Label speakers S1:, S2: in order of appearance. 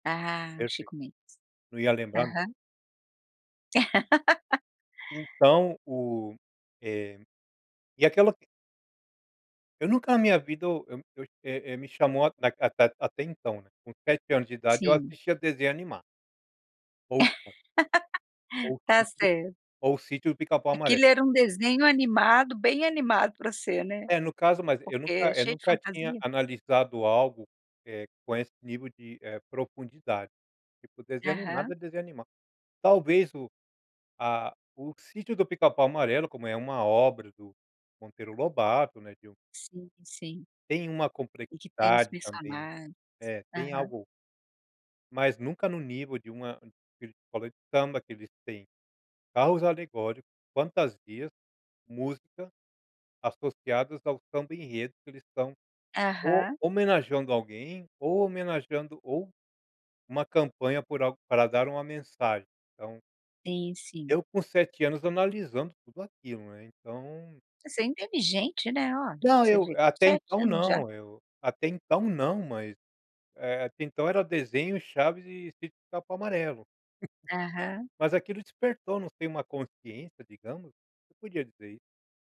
S1: Ah, o
S2: Perfeito.
S1: Chico Mendes.
S2: Não ia lembrar nunca.
S1: Aham.
S2: Então o eh, e aquela Eu nunca na minha vida eu eu, é é me chamou a a a atenção, né, com 7 anos de idade eu
S1: Sim.
S2: assistia desenho animado ou Chaves ou
S1: Tá
S2: sítio
S1: certo.
S2: ou sítio de pica pau amarelo.
S1: Aquilo era um desenho animado bem animado para ser, né,
S2: É no caso mas, eu
S1: porque
S2: nunca
S1: é
S2: eu
S1: cheio de
S2: nunca tinha
S1: fantasia.
S2: analisado algo, eh, com esse nível de, eh, profundidade, tipo desenho animado
S1: Aham.
S2: é desenho animado, talvez o a o sítio do pica pau amarelo como é uma obra do Monteiro Lobato, né, de um
S1: Sim, sim.
S2: tem uma
S1: E que tem os
S2: complexidade também,
S1: personagens.
S2: eh, tem
S1: Aham.
S2: algo mas nunca no nível de uma de uma escola de samba que eles têm carros alegóricos, fantasias, música, associadas ao samba enredo, que eles estão ou
S1: Aham.
S2: homenageando alguém ou homenageando ou uma campanha por algo para dar uma mensagem, então
S1: Sim, sim.
S2: eu com 7 anos analisando tudo aquilo, né, então
S1: Você é inteligente, né, oh,
S2: Não,
S1: você
S2: eu
S1: vê,
S2: até
S1: 7
S2: então
S1: anos já
S2: não, eu até então não mas, eh, até então era desenho, chaves e sítio do pica pau amarelo.
S1: Aham.
S2: Mas aquilo despertou não sei uma consciência digamos, eu podia dizer isso.